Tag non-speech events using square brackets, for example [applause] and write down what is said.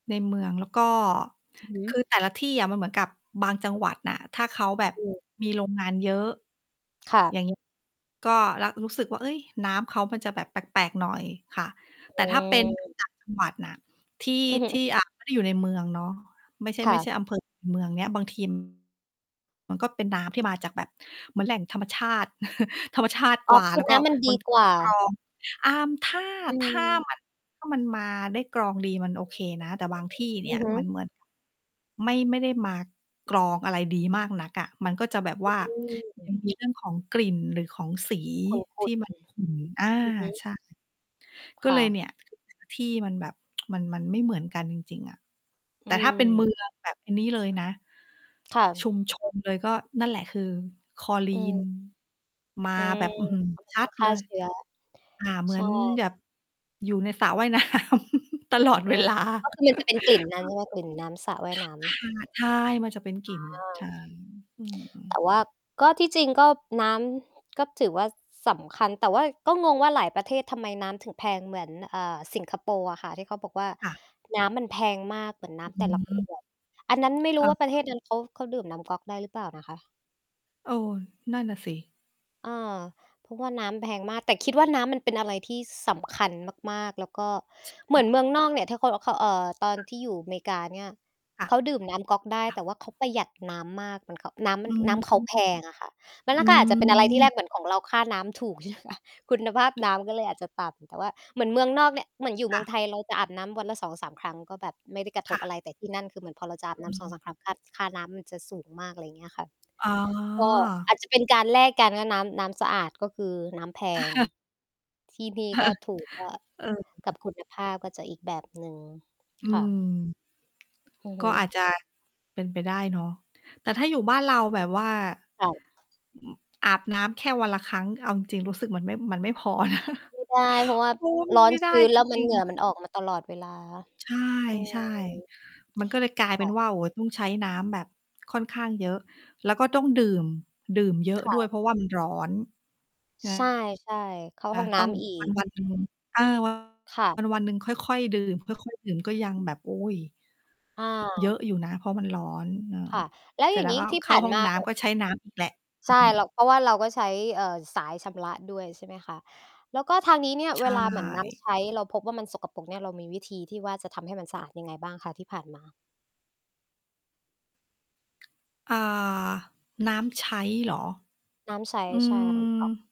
ในเมือง แล้วก็ อือฮคึ ือแต่ละที่อะมันเหมือนกับบางจังหวัดน่ะ ถ้าเขาแบบอืม มีโรงงานเยอะ ค่อย่าง ะ ก็ ร รู้สึกว่า เฮ้ย น้ำเขามันจะแบบแปลก ๆ หน่อยค่ะ อแต่ืถ้าเป็น ม ต่างจังหวัด น่ะ ที่ อือฮที่ ึ อ่า ไม่ได้อยู่ในเมืองเนาะ ไม่ใช่ คไ่ม่ะ ใช่อำ เภอ เมืองเนี้ย บาง ที มันก็เป็นน้ำที่มาจากแบบเหมือนแหล่งธรรมชาติ [chuckles] ธรรมชาติอ๋กอ ว่า คืแลอ้วกน็ ้ำมันดบาีงทีกมวัน่ไม่ได้กรา อง อ่า ถ้า อถ้า ืม มัน ถ้ามันมาได้กรองดี มันโอเคนะ แต่บางที่เนอี่ือยฮึ มัน เหมือน ไม่ ไม่ได้มากรองอะไรดีมากนักอะ มันก็จะแบบว่า อืมัม นมีเรื่องของกลิ่นหรือของสีขทุ่ี่ น มัๆ นขุ่น อา อือฮึ ใช่ ก็คเ่ลยเนีะ ่ย ที่มันแบบ [tsk] มัน มันไม่เหมือนกันจริง ๆ อะ อแืต่ถ้าเป็น เม มือง แบบอันนี้เลยนะ ค่ชุะ มชนเลยก็นั่นแหละ คือคลอ รอืีน ม มอาืม แบบ อื้อฮือ ชก็เลยตั้อดงฆเ่ลา ย เชื้อ อ่า เหมใชือ่ นแบบ อยู่ในสระว่าย น้ำตลออืดเวม ลา ก็คือมันจะเ[chuckles] ป็นกลิ่นนั้นใช่ไหม? กลิ่นน้ำสระว่ายค่นะ ้ำ ใช่ มันจะเป็นกลิ่น ใชอือ ่ อืม แต่ว่า ก็ที่จริงก็น้ำก็ถือว่าสำคัญ แต่ว่าก็งงว่าหลายประเทศทำไมน้ำถึงแพงเหมือน อ่า สิงคโปร์อะค่ะ ที่เขาบอกว่า ค่ะ "น้ำมันแพงมาก" เหมือนน้อำแต่ละ ขืม วด อันนั้นไม่รคู้่ว่าประะ เทศนั้นเขา เขาดื่มน้ำก๊อกได้หรือเปล่านะคะ? เออ นั่นน่ะสิ เออ เพราะว่าน้ำแพงมาก แต่คิดว่าน้ำมันเป็นอะไรที่ ส สำคัญมาก ๆ แล้วก็ใชเหมื่ อนเมืองนอกเนี่ย ถ้าคนเอาเข้า เอ่อ ตอนค่ะ ที่อยู่เมกาเนี่ย ค่ะ เขาดื่มน้ำก๊อกได้ ค่แต่ะ ว่าเขาประหยัดน้ำมาก เหมือน ก น้ำมอัน ืม น้ำเขาแพงอะค่ะ แล้วอนั่ืนก็อาจจะเป็นอะไรทีแรม ก เหมือนของเราค่าน้ำถูก ใช่ไหมคะ คุณภาพคน้่ะ ำก็เลยอาจจะต่ำ แต่ว่าเหมือนเมืองนอกเนี่ย เหมือนอยู่เมคือ่งไะ ทยเราจะอาบน้ำวันละ 2-3 ครั้ง ก็แบบไม่ได้กระทคบ่อะะ ไร แต่ที่นั่นคือเหมือนพอเราจะอาบอน้ืำ สองม สาม ครั้ง คาด ค่าน้ำมันจะสูงมาก อะไรอย่างเงี้ยค่ะ อ๋อ ก็อาจจะเป็นการแลกกันว่าน้ำ น้ำสะอาดก็คือน้ำแพง [chuckles] ที่นี่เอก็อ ถูกก็ เอกับอ คุณภาพก็จะอีกแบบหนึ่ง อืค่ม ะ อือฮก็ึ อาจจะเป็นไปได้เนาะ แต่ถ้าอยู่บ้านเราแบบว่า ค่ะ อาบน้ำแค่วันละครั้ง เอาจริง ๆ รู้สึกมันไม่ มันไม่พอ [chuckles] ไม่ได้ เพราะว่าเนาะ มัรน้อไนม่ไดช้ื้น แจล้วมัรน ิง เหงื่อๆ คม่ะ ันออกมาตลอดเวลา ใอืช่ ม ๆ มันก็เลยกลายเคป็่นะ ว่า โอ้โฮ ต้องใช้น้ำแบบค่อนข้างเยอะ แล้วก็ต้องดื่ม ดื่มเยอะคด่้วะ ย เพราะว่ามันร้อน ใช่ ใช่ ใช่ เข้าอา ห้องนต้้องำอีวันก วันหนึ่ง เออ วัค่ะ นวันหนึ่งค่อย ๆ ดื่ม ค่อย ๆ ดื่มก็ยังแบบ โอ๊ย! อเยอา ะอยู่นะเพราะมันร้อน เออ ค่ะ แล้วเสรอ็ยจ่าแงล้งวี้ก็ที่เขผ้า่านห้องมา น้อะ ำ ก็ใช้น้ำอีกแหละ ใชอ่ ือ เรา เพราะว่าเราก็ใช้ เอ่อ สายชำระด้วย ใช่ไหมคะ แล้วก็ทางนี้เนี่ย ใชเวลาเหมือนน้่ ำใช้เราพบว่า มันสกปรกเนี่ย เรามีวิธีที่ว่าจะทำให้มันสะอาดยังไงบ้างคะที่ผ่านมา? อ่า น้ำใช้เหรอ น้ำใช้ อืใช่ค่ะ น้ำก๊อก ม